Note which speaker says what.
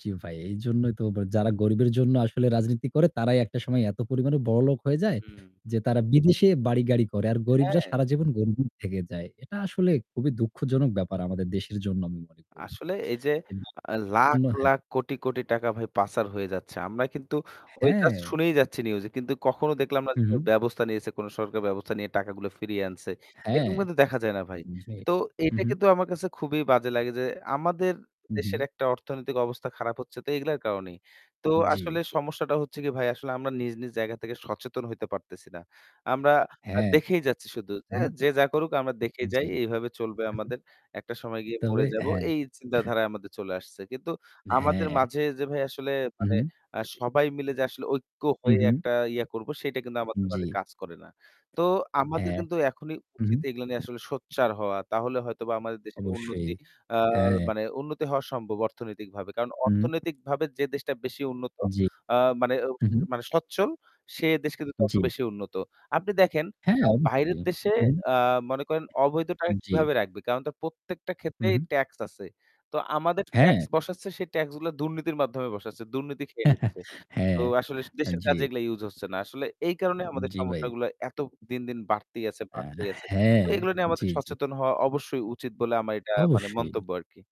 Speaker 1: জি ভাই, এইজন্যই তো বা যারা গরিবের জন্য আসলে রাজনীতি করে তারাই একটা সময় এত পরিমাণে বড়লোক হয়ে যায়,
Speaker 2: হুম।
Speaker 1: যে তারা বিদেশে বাড়ি-গাড়ি করে। আর গরিবরা
Speaker 2: হ্যাঁ।
Speaker 1: সারা জীবন গরিবই থেকে যায়। এটা আসলে খুবই দুঃখজনক ব্যাপার আমাদের দেশের জন্য আমি মনে করি।
Speaker 2: আসলে এই যে
Speaker 1: [unintelligible]
Speaker 2: আ লাখ,
Speaker 1: অন্ন হ্যাঁ।
Speaker 2: লাখ কোটি, কোটি টাকা ভাই প্যাঁচার হয়ে যাচ্ছে। আমরা কিন্তু ওই just
Speaker 1: হ্যাঁ।
Speaker 2: শুনেই যাচ্ছি news এ। কিন্তু কখনো দেখলাম না
Speaker 1: হু,
Speaker 2: যে কেউ
Speaker 1: হু।
Speaker 2: ব্যবস্থা নিয়েছে, কোনো সরকার ব্যবস্থা নিয়ে টাকাগুলা ফিরিয়ে আনছে। এরকম
Speaker 1: হ্যাঁ,
Speaker 2: কিন্তু দেখা যায় না ভাই।
Speaker 1: জি।
Speaker 2: তো
Speaker 1: হু,
Speaker 2: এটা
Speaker 1: হু।
Speaker 2: কিন্তু আমার কাছে খুবই বাজে লাগে যে আমাদের
Speaker 1: হু,
Speaker 2: দেশের
Speaker 1: হু।
Speaker 2: একটা অর্থনৈতিক অবস্থা খারাপ হচ্ছে তো এগুলার কারণেই। তো আসলে
Speaker 1: জি।
Speaker 2: সমস্যাটা হচ্ছে কি ভাই আসলে আমরা নিজ, নিজ জায়গা থেকে সচেতন হইতে পারতেছি না। আমরা আ
Speaker 1: হ্যাঁ।
Speaker 2: দেখেই যাচ্ছি শুধু এ
Speaker 1: উহু।
Speaker 2: যে যা করুক আমরা দেখেই যাই।
Speaker 1: জি।
Speaker 2: এইভাবে চলবে
Speaker 1: [unintelligible]
Speaker 2: আমাদের। একটা সময় গিয়ে
Speaker 1: তবে
Speaker 2: মরে যাব
Speaker 1: হ্যাঁ।
Speaker 2: এই চিন্তাধারায় আমাদের চলে আসছে। কিন্তু আমাদের
Speaker 1: হ্যাঁ।
Speaker 2: মাঝে যে ভাই আসলে মানে
Speaker 1: উহু।
Speaker 2: আ সবাই মিলে যে আসলে ঐক্য হয়ে
Speaker 1: উহু।
Speaker 2: একটা ইয়া করব সেটা কিন্তু আমাদের
Speaker 1: জি।
Speaker 2: মাঝে কাজ করে না। তো আমাদের
Speaker 1: হ্যাঁ।
Speaker 2: কিন্তু এখনই
Speaker 1: হু, হু।
Speaker 2: উচিত এগুলা নিয়ে আসলে সচ্ছার হওয়া। তাহলে হয়তোবা আমাদের দেশের
Speaker 1: অবশ্যই।
Speaker 2: উন্নতি আ
Speaker 1: হ্যাঁ।
Speaker 2: মানে উন্নতি হওয়া সম্ভব অর্থনৈতিকভাবে। কারণ
Speaker 1: উম
Speaker 2: অর্থনৈতিকভাবে যে দেশটা বেশি উন্নত
Speaker 1: জি।
Speaker 2: আ মানে
Speaker 1: হু, হু।
Speaker 2: [unintelligible] মানে সচ্ছল সে দেশ কিন্তু তত
Speaker 1: জি।
Speaker 2: বেশি উন্নত। আপনি দেখেন
Speaker 1: হ্যাঁ,
Speaker 2: [unintelligible] বাইরের
Speaker 1: অবশ্যই।
Speaker 2: দেশে
Speaker 1: উহু।
Speaker 2: আ মনে করেন অবৈধ টাকা
Speaker 1: জি।
Speaker 2: কিভাবে রাখবে? কারণ তা প্রত্যেকটা
Speaker 1: হু,
Speaker 2: ক্ষেত্রেই
Speaker 1: হু।
Speaker 2: tax আছে। তো আমাদের tax
Speaker 1: হ্যাঁ।
Speaker 2: বসাচ্ছে, সে tax গুলা দুর্নীতির মাধ্যমে বসাচ্ছে, দুর্নীতি খেয়ে নিচ্ছে। তো
Speaker 1: হ্যাঁ।
Speaker 2: আসলে
Speaker 1: আ
Speaker 2: দেশের
Speaker 1: জি।
Speaker 2: কাজে এগুলা use হচ্ছে না। আসলে এই কারণেই
Speaker 1: উ উ
Speaker 2: আমাদের
Speaker 1: জি ভাই।
Speaker 2: সমস্যাগুলা এত দিনদিন বাড়তেই আছে,
Speaker 1: আ
Speaker 2: বাড়তেই আছে।
Speaker 1: হ্যাঁ।
Speaker 2: তো এগুলা নিয়ে
Speaker 1: জি,
Speaker 2: আমাদের
Speaker 1: জি।
Speaker 2: সচেতন হওয়া অবশ্যই উচিত বলে আমা এটা মানে
Speaker 1: অবশ্যই।
Speaker 2: মন্তব্য আরকি।